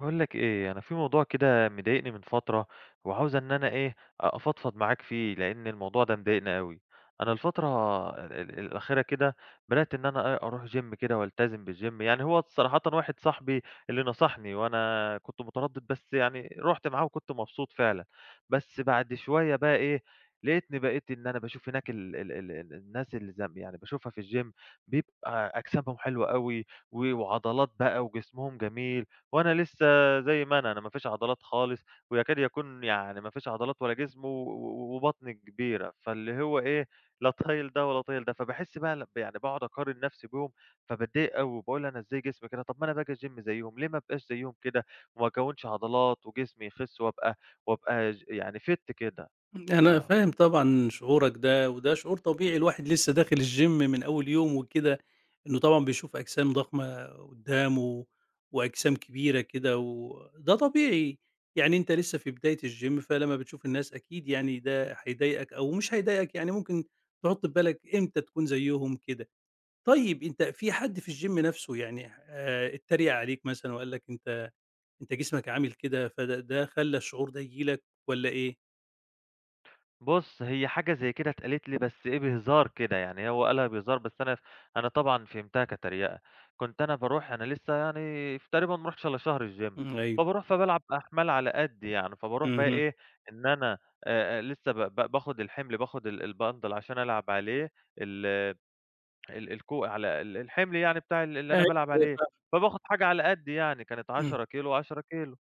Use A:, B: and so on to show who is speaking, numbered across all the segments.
A: باقول لك إيه أنا في موضوع كده مضايقني من فترة وعاوز إن أنا إيه أفضفض معاك فيه؛ لأن الموضوع ده مضايقني أوي. أنا الفترة ال الأخيرة كده بدأت إن أنا إيه أروح جيم كده وألتزم بالجيم يعني هو صراحةً واحد صاحبي اللي نصحني وأنا كنت متردد بس يعني رُحت معاه وكنت مبسوط فعلًا، بس بعد شوية بقى إيه لقتني بقيت إن أنا باشوف هناك ال ال ال الناس اللي زم يعني باشوفها في الجيم بيبقى أجسامهم حلوة أوي و وعضلات بقى وجسمهم جميل وأنا لسه زي ما أنا، أنا ما فيش عضلات خالص ويكاد يكون يعني ما فيش عضلات ولا جسم و وبطني كبيرة فاللي هو إيه لا طايل ده ولا طايل ده. فباحس بقى يعني باقعد أقارن نفسي بيهم فباتضايق أوي وباقول أنا إزاي جسمي كده! طب ما أنا باجي الجيم زيهم، ليه ما ابقاش زيهم كده وما أكوّنش عضلات وجسمي يخس وأبقى وأبقى ج يعني fit كده. ف
B: أنا فاهم طبعًا شعورك ده وده شعور طبيعي، الواحد لسه داخل الجيم من أول يوم وكده إنه طبعًا بيشوف أجسام ضخمة قدامه وأجسام كبيرة كده وده طبيعي يعني أنت لسه في بداية الجيم فلمّا بتشوف الناس أكيد يعني ده هيضايقك أو مش هيضايقك يعني ممكن تحط في بالك إمتى تكون زيهم كده. طيب أنت في حد في الجيم نفسه يعني اتريق عليك مثلًا وقال لك: "أنت أنت جسمك عامل كده" فده ده خلّى الشعور ده ييجي لك والّا إيه؟
A: بُص، هي حاجة زي كده اتقالت لي بس إيه، بهزار كده. يعني هو قالها بهزار، بس أنا ف أنا طبعًا فهمتها كتريقة. كنت أنا باروح أنا لسّه يعني تقريبًا ما رُحتش إلّا شهر الgym،
B: إمم، أيوه.
A: فباروح فبالعب أحمال على قَدّي يعني، فابروح بقي
B: اهم.
A: إيه، إن أنا آآ لسّه ب ب باخُد الحِمل، باخُد ال الBundle عشان ألعب عليه ال ال الكو على ال الحِمل يعني بتاع ال اللي أنا بالعب عليه،
B: [unintelligible]
A: فباخُد حاجة على قَدّي يعني، كانت
B: إمم.
A: 10 كيلو و10 كيلو.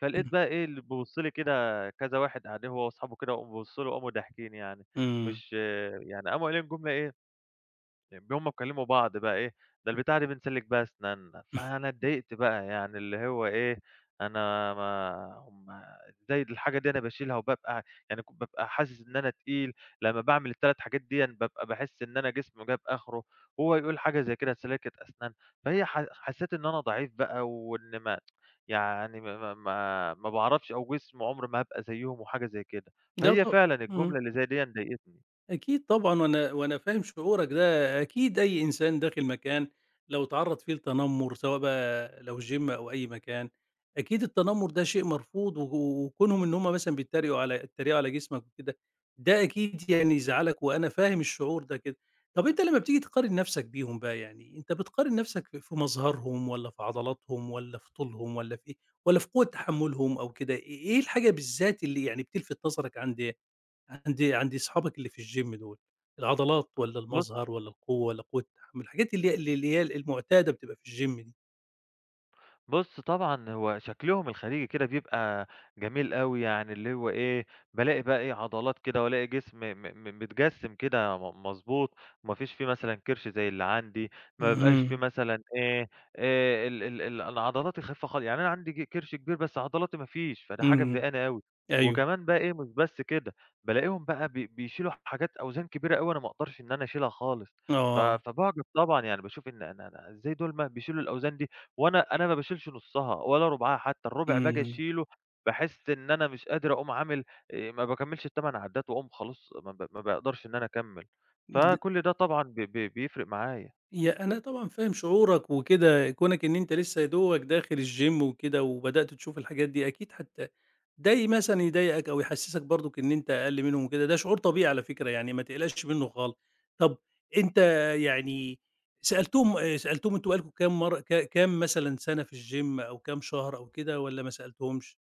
A: فلقيت
B: إمم.
A: بقى إيه، اللي بيبُص لي كده كذا واحد قاعدين هو واصحابه كده وقاموا بصّوا لي وقاموا ضاحكين يعني.
B: إمم.
A: مش يعني قاموا قايلين جملة إيه، إن هم بيكلّموا بعض بقى إيه "ده البتاعة ديه بنسلِّك بيها أسنانّا." فأنا اتضايقت بقى يعني اللي هو إيه، أنا ما هم إزاي الحاجة دي أنا باشيلها وبابقى يعني بابقى حاسِس إن أنا تقيل، لمّا باعمل ال3 حاجات ديًا، بابقى باحِس إن أنا جسمي جاب آخره، وهو يقول حاجة زي كده سلّاكة أسنان. فهي ح حسّيت إن أنا ضعيف بقى وإن ما يعني ما ما ما ما باعرفش أو جسمي عُمري ما هابقى زيّهم وحاجة زي كده. فهي
B: [unintelligible]
A: فعلًا
B: إمم.
A: الجملة اللي زي ديًا ضايقتني.
B: أكيد طبعًا، وأنا وأنا فاهم شعورك ده. أكيد أي إنسان داخِل مكان لو اتعرَّض فيه لتنمُّر سواء بقى لو gym أو أي مكان، أكيد التنمُّر ده شيء مرفوض و وكونهم إن هم مثلًا بيتّريقوا على بيتّريقوا على جسمك وكده، ده أكيد يعني يزعّلك وأنا فاهم الشعور ده كده. طب أنت لمّا بتيجي تقارن نَفْسك بيهم بقى يعني أنت بتقارن نَفْسك في في مظهرهم والّا في عضلاتهم والّا في طولهم والّا في والّا في قوة تحمُّلهم أو كده، إيه إيه الحاجة بالذات اللي يعني بتلفِت نظرك عند عند عند اصحابك اللي في الgym دول، العضلات والّا
A: بُص
B: المظهر والّا القوة والّا قوة التحمُّل؟ الحاجات اللي هي اللي اللي هي المُعتادة بتبقى في الgym دي.
A: بُص، طبعًا هو شكلهم الخارجي كده بيبقى جميل أوي يعني اللي هو إيه، بالاقي بقى إيه، عضلات كده وألاقي جسم م م م متجسِّم كده م مضبوط. ما فيش فيه مثلًا كِرش زي اللي عندي، ما بيبقاش في
B: اهم.
A: مثلًا إيه، آآ ال ال ال العضلات الخفيفة خال يعني أنا عندي ج كِرش كبير، بس عضلاتي ما فيش، فده حاجة
B: إمم.
A: مضايقاني أوي.
B: أيوه.
A: وكمان بقى إيه مش بس كده، بالاقيهم بقى ب بيشيلوا حاجات أوزان كبيرة أوي أنا ما أقدرش إن أنا أشيلها خالص، ف
B: آه.
A: فباعجَب طبعًا. يعني باشوف إن أنا أنا إزاي دول ما بيشيلوا الأوزان دي وأنا أنا ما باشيلش نُصّها ولا رُبعها حتّى، الربُع باجي
B: اهم.
A: أشيله باحِس إن أنا مش قادر أقوم عامل آآ ما باكمّلش ال8 عدّات وأقوم خلاص، ما ب ما باقدرش إن أنا أكمّل،
B: ل
A: فكل ده طبعًا ب ب بيفرق معايا.
B: يا أنا طبعًا فاهم شعورك وكده، كونك إن أنت لسّه يا دوبك لسّه داخل الgym وكده وبدأت تشوف الحاجات دي، أكيد هت ده ي مثلًا يضايقك أو يحسِّسك برضُك إن أنت أقَل منهم وكده، ده شعور طبيعي على فكرة، يعني ما تقلقش منّه خالص. طَب أنت يعني سألتهم سألتهم أنتم بقى لكم كام مرّة ك كام مثلًا سَنة في الgym أو كام شهر أو كده، والّا ما سألتهمش؟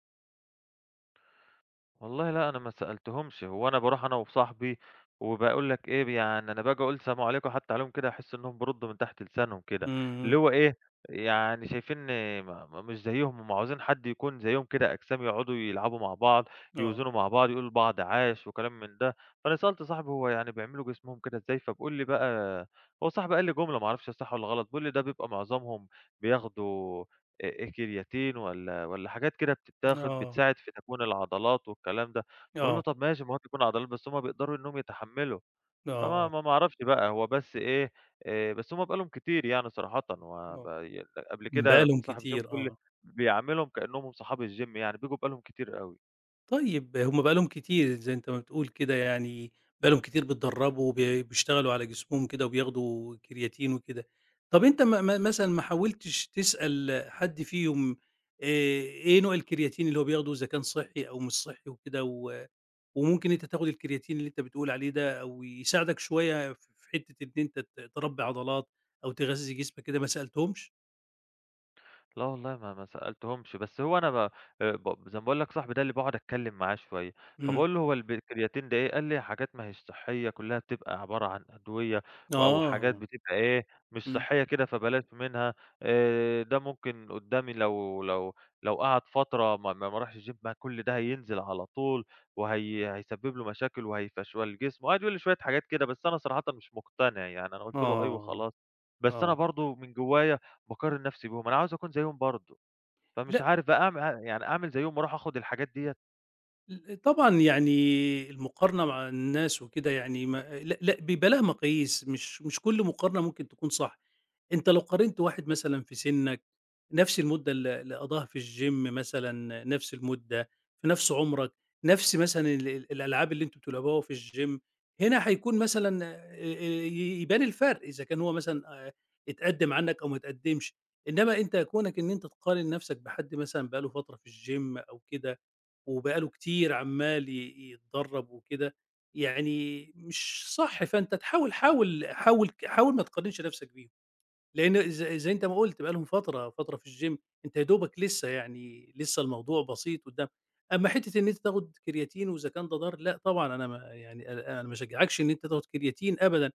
A: والله لا، أنا ما سألتهمش، هو أنا بارُوح أنا وصاحبي، وباقول لك إيه، يعني أنا باجي أقول سلام عليكُم حتى عليهم كده، أحس انهم بيرُدُّوا من تحت لسانهم كده، اللي
B: امم.
A: هو إيه، يعني شايفِيني م مش زيهم، هُم عايزين حد يكون زيهم كده، أجسام، يقعُدوا يلعبوا مع بعض،
B: آه.
A: يوزَنوا مع بعض، يقولوا لبعض عاش وكلام من ده. فأنا سألت صاحبي، هو يعني بيعملوا جسمهم كده إزاي؟ فبيقول لي بقى، هو صاحبي قال لي جملة، ما أعرفش هي صح والّا غلط، بيقول لي: "ده بيبقى معظمهم بياخُدوا أ أ كرياتين والّا والّا حاجات كده بتتاخَد،
B: آه.
A: بتساعِد في تكوين العضلات والكلام ده." باقول له:
B: آه.
A: "طب ماشي المهم يكون عضلات، بس هُم بيقدَروا إنَّهُم يتحمَّلوا."
B: آه،
A: فما
B: آه.
A: ما أعرَفش بقى، هو بس إيه، آآ، بس هُم بقى لهم كتير يعني صراحةً، وب
B: آه،
A: ي قبل
B: بقى
A: كده
B: لهم
A: صاحب الgym،
B: كتير،
A: بيقل لي
B: آه.
A: بيعاملهم كأنَّهُم هُم صحاب الgym، يعني بييجوا بقى لهم كتير أوي.
B: طيب، هُم بقى لهم كتير، زي أنتَ ما بتقول كده يعني، بقى لهم كتير بيتدرَّبوا، ب بيشتغَلوا على جسمهم كده وبياخُدوا كرياتين وكده. طَب أنتَ م م مثلًا ما حاوَلتِش تسأَل حد فيهُم، آآ، إيه نوع الكرياتين اللي هو بياخُدوه، إذا كان صحِّي أو مش صحِّي وكده، و وممكن أنتَ تاخُد الكرياتين، اللي أنتَ بتقول عليه ده، أو يساعدك شوية في حتّة إن أنتَ ت تربِّي عضلات أو تغذِّي جسمك كده، ما سألتهمش؟
A: لا والله ما ما سألتهمش، بس هو أنا ب آآ ب زي ما باقول لك صاحبي ده اللي باقعد أتكلّم معاه شوية،
B: إمم.
A: فباقول له: "هو الب الكرياتين ده إيه؟" قال لي: "حاجات ما هيش صحّية كُلّها بتبقى عبارة عن أدوية و أو حاجات
B: آه.
A: بتبقى إيه، مش
B: إمم.
A: صحّية كده، فبلاش منها. آآ ده ممكن قُدّام لو لو لو قعد فترة ما ما ما رَاحش الgym ما كل ده هينزل على طول وهي هيسبِّب له مشاكل وهيفَشْوَل جسمه." وقعد يقول لي شوية حاجات كده، بس أنا صراحةً مش مُقتنع يعني أنا قُلت له: "أَي"
B: آه.
A: وخلاص. بس أنا
B: آه.
A: برضه من جوّايا باقارن نَفْسي بيهم، أنا عاوز أكون زيّهم برضه. فمش
B: لأ
A: عارف بقى أعم ع يعني أعمل زيّهم وأروح آخُد الحاجات ديّة؟
B: ال طبعًا يعني المُقارنة مع الناس وكده يعني ما لأ لأ بيبقى ليها مقاييس، مش مش كل مُقارنة ممكن تكون صح. أنت لو قارنت واحد مثلًا في سِنَّك نَفْس المُدّة اللي اللي قضّاها في الgym مثلًا، نَفْس المُدّة في نَفْس عُمرك، نَفْس مثلًا ال ال الألعاب اللي أنتم بتلعبوها في الgym، هنا هيكون مثلًا آآ آآ ي يبان الفَرْق، إذا كان هو مثلًا آآ اتقدّم عنّك أو ما اتقدمّش. إنّما أنت كونك إن أنت تقارن نفسك بحد مثلًا بقى له فترة في الgym أو كده وبقى له كتير عمّال ي يتدرّب وكده، يعني مش صح. فأنت تحاول حاول -حاول ك حاول ما تقارنش نَفْسك بيهم، لإن ز ز زي أنت ما قُلت بقى لهم فترة، فترة في الgym، أنت يا دوبك لسّه يعني لسّه الموضوع بسيط قُدّام. أمّا حتّة إن أنت تاخُد كرياتين وإذا كان ده ضار، لأ طبعًا أنا ما يعني أنا أنا ما أشجّعكش إن أنت تاخُد كرياتين أبدًا.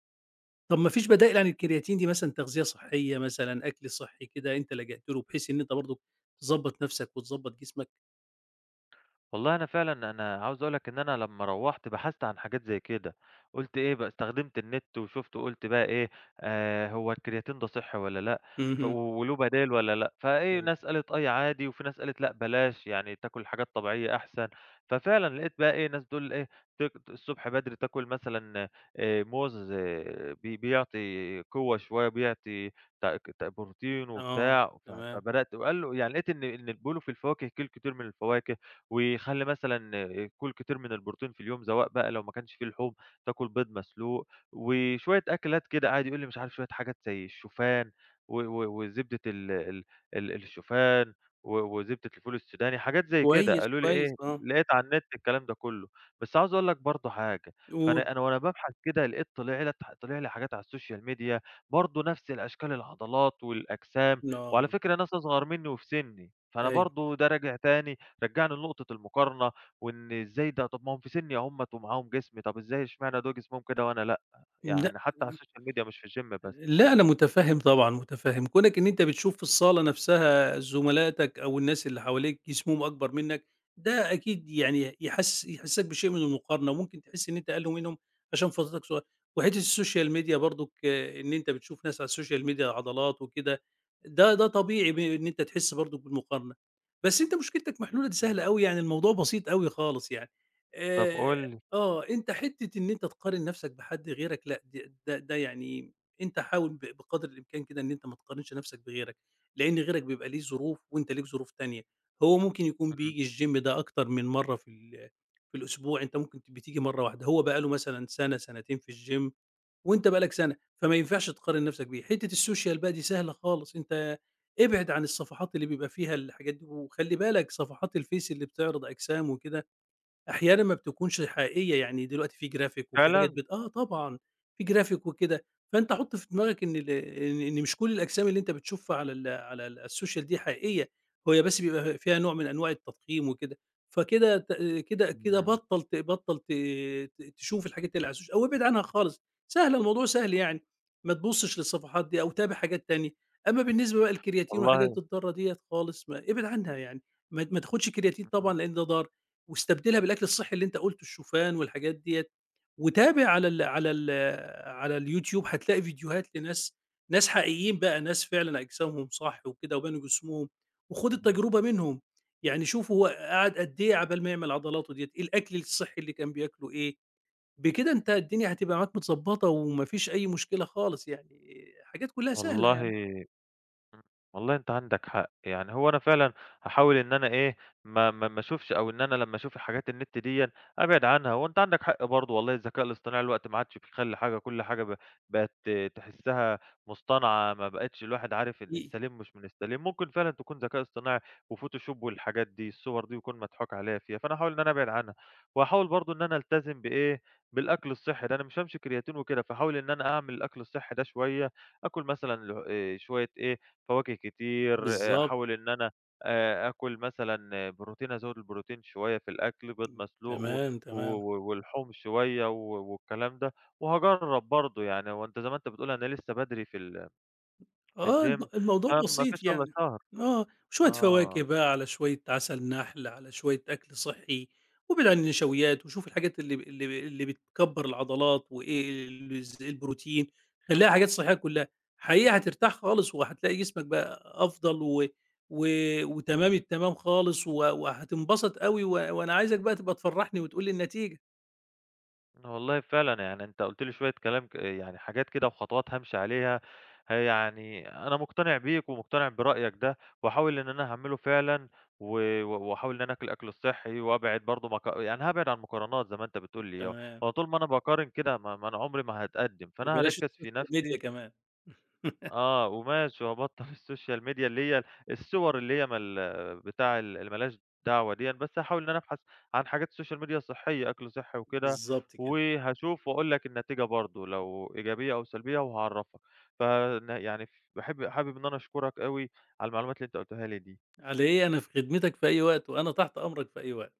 B: طب ما فيش بدائل عن الكرياتين دي مثلًا، تغذية صحّية مثلًا، أكل صحّي كده أنت لجأت له بحيث إن أنت برضه تضبّط نَفْسك وتضبّط جسمك؟
A: والله أنا فعلًا أنا عاوز أقول لك إن أنا لمّا روحت بحثت عن حاجات زي كده، قُلت إيه يبقى استخدمت النت، وشُفت وقُلت بقى إيه آآ هو الكرياتين ده صحي والّا لأ، ف
B: اهم.
A: وله بدايل والّا لأ، فإيه
B: أيوه.
A: ناس قالت أي عادي، وفي ناس قالت لأ، بلاش يعني تاكل حاجات طبيعية أحسن، ففعلًا لقيت بقى إيه ناس بتقول إيه ت الصُّبح بدري تاكل مثلًا آآ موز آآ بي بيعطي قوة شوية، بيعطي ت ت بروتين
B: آه،
A: وبتاع، ف
B: تمام.
A: فبدأت وقال له يعني لقيت إن إن بيقولوا في الفواكه كُل كتير من الفواكه، وخلِّ مثلًا كُل كتير من البروتين في اليوم، سواء بقى لو ما كانش فيه لحوم تاكل بيض مسلوق، وشوية أكلات كده قعد يقول لي مش عارف شوية حاجات زي الشوفان، و و وزبدة ال ال ال الشوفان، و وزبدة الفول السوداني حاجات زي كده،
B: كويس،
A: قالوا لي إيه،
B: كويس، آه.
A: لقيت على النت الكلام ده كُلّه، بس عاوز أقول لك برضو حاجة،
B: قُل.
A: فأنا أنا وأنا بابحث كدا لقيت طِلع لي طِلع لي حاجات على الSocial Media برضو نفس الأشكال العضلات والأجسام، وعلى
B: آه.
A: فكرة ناس أصغر مني وفي سني، فأنا
B: أيوه.
A: برضو ده راجع تاني، رجَّعني لنُقطة المُقارنة، وإن إزاي ده، طب ما هُم في سني أهُمَّة، ومعاهم جسم طب إزاي إشمعنى دول جسمهم كده وأنا لأ؟
B: لأ
A: يعني حتى على الSocial Media مش في الGym بس.
B: لأ، أنا مُتفهم طبعًا، مُتفهم، كونك إن أنت بتشوف في الصالة نفسها زملاتك أو الناس اللي حواليك جسمهم أكبر منك، ده أكيد يعني يحس يحسسك بشيء من المُقارنة، وممكن تحِسّ إن أنت أقل منهم، عشان فترتك صغيرة، وحِتّة الSocial Media برضو، إن أنت بتشوف ناس على الSocial Media عضلات وكده، ده ده طبيعي ب إن أنت تحِسّ برضو بالمقارنة، بس أنت مشكلتك محلولة دي
A: إمم.
B: سهلة أوي يعني الموضوع بسيط أوي خالص يعني،
A: طب
B: آآ
A: قُل لي.
B: آه، أنت حِتّة إن أنت تقارن نفسك بحد غيرك لأ، د د ده يعني أنت حاول ب بقدر الإمكان كده إن أنت ما تقارنش نفسك بغيرك، لإن غيرك بيبقى ليه ظروف، وأنت ليك ظروف تانية؛ هو ممكن يكون
A: إمم.
B: بييجي الGym ده أكتر من مَرّة في ال في الأسبوع، أنت ممكن بتيجي مَرّة واحدة، هو بقى له مثلًا سنة سنتين في الGym وأنت بقى لك سنة، فما ينفعش تقارن نفسك بيه، حِتّة الSocial بقى دي سهلة خالص، أنت ابعد عن الصفحات اللي بيبقى فيها الحاجات دي، وخلِّ بالك صفحات الفيس اللي بتعرض أجسام وكده، أحيانًا ما بتكونش حقيقية، يعني دلوقتي في Graphic وفيه حاجات
A: فعلًا!
B: بت آه، طبعًا في Graphic وكده، فأنت حُط في دماغك إن ال إن إن مش كُلّ الأجسام اللي أنت بتشوفها على ال على ال الSocial دي حقيقية، وهي بس بيبقى فيها نوع من أنواع التضخيم وكده، فكده ت كده كده
A: إمم.
B: بطَّل ت بطَّل ت ت تشوف الحاجات اللي على السوشي أو ابعد عنها خالص، سهلة الموضوع سهل يعني، ما تبُصش للصفحات دي أو تابع حاجات تانية، أما بالنسبة بقى للكرياتين
A: والله!
B: والحاجات الضارة ديّة خالص ما ابعد عنها يعني، ما ما تاخدش كرياتين طبعًا
A: [unintelligible]
B: لأن ده ضار، واستبدلها بالأكل الصحي اللي أنت قُلته الشوفان والحاجات ديّة، وتابع على ال على ال على اليوتيوب هتلاقي فيديوهات لناس ناس حقيقيين بقى ناس فعلًا أجسامهم صح وكده وبنوا جسمهم، وخُد
A: اهم.
B: التجربة منهم، يعني شوف هو قعد قد إيه عقبال ما يعمل عضلاته ديّة، إيه الأكل الصحي اللي كان بياكله إيه، بكده أنت الدنيا هتبقى معاك متضبطة، وما فيش أي مشكلة خالص يعني، حاجات كُلّها سهلة
A: والله
B: يعني.
A: إمم، والله أنت عندك حق، يعني هو أنا فعلًا هاحاول إن أنا إيه ما ما ما أشوفش أو إن أنا لمّا أشوف حاجات النت ديّة أبعد عنها، وأنت عندك حق برضو والله الذكاء الاصطناعي دلوقتي ما عادش بيخلّي حاجة، كُلّ حاجة ب بقيت ت تحِسّها مُصطنعة، ما بقيتش الواحد عارف
B: [unintelligible]
A: السليم مش من السليم، ممكن فعلًا تكون ذكاء اصطناعي وفوتوشوب والحاجات دي، الصور دي يكون مضحوك عليّا فيها، فأنا هاحاول إن أنا أبعد عنها، وهاحاول برضو إن أنا ألتزم بإيه بالأكل الصحي ده، أنا مش هامشي بكرياتين وكده، فهاحاول إن أنا أعمل الأكل الصحي دا شوية، أكُل مثلًا ل آآ شوية إيه فواكه كتير،
B: بالضبط.
A: أحاول إن أنا آآ أكُل مثلًا بروتين، أزوِّد البروتين شوية في الأكل، بيض
B: إمم،
A: مسلوق، و
B: تمام،
A: و
B: تمام.
A: ولحوم شوية، و والكلام ده. وهاجرَّب برضو يعني، هو أنت زي ما أنت بتقول أنا لسه بدري في ال في
B: آه، الم
A: الGym
B: الموضوع
A: ما ما فيش
B: بسيط
A: ألا
B: يعني،
A: شهر.
B: آه، شوية فواكه
A: آه.
B: بقى، على شوية عسل نحل، على شوية أكْل صحي، وابعد عن النشويات، وشوف الحاجات اللي اللي اللي بتكبَّر العضلات، وإيه ال ز البروتين، خلّيها حاجات صحية كُلّها، حقيقي هترتاح خالص، وهتلاقي جسمك بقى أفضل، و و وتمام التمام خالص، و وهتنبسط أوي، و وأنا عايزك بقى تبقى تفرحني وتقول لي النتيجة.
A: أنا والله فعلًا يعني أنت قُلت لي شوية كلام ك يعني حاجات كده وخطوات هامشي عليها، ه يعني أنا مُقتنع بيك، ومُقتنع برأيك ده، وهاحاول إن أنا أعمله فعلًا، و وأحاول إن أنا أكُل الأكل الصحي، وأبعد برضو مق يعني هأبعد عن المقارنات زي ما أنت بتقول لي،
B: تمام.
A: هو طول ما أنا باقارن كده ما ما أنا عُمري ما هاتقدم، فأنا
B: وبلاش
A: هاركز في
B: الSocial
A: نفسي
B: Media كمان.
A: آه، وماشي وأبطَّل الSocial Media اللي هي الصور اللي هي من ال بتاع ال اللي ما لهاش دعوة ديًّا، بس هاحاول إن أنا أبحث عن حاجات Social Media صحية، أكْل صحي وكده،
B: بالضبط كده.
A: وهاشوف وأقول لك النتيجة برضو لو إيجابية أو سلبية وهاعرَّفك، ف ن يعني ف باحب حابب إن أنا أشكرك أوي، على المعلومات اللي أنت قُلتها لي دي.
B: على إيه أنا في خدمتك في أي وقت، وأنا تحت أمرك في أي وقت.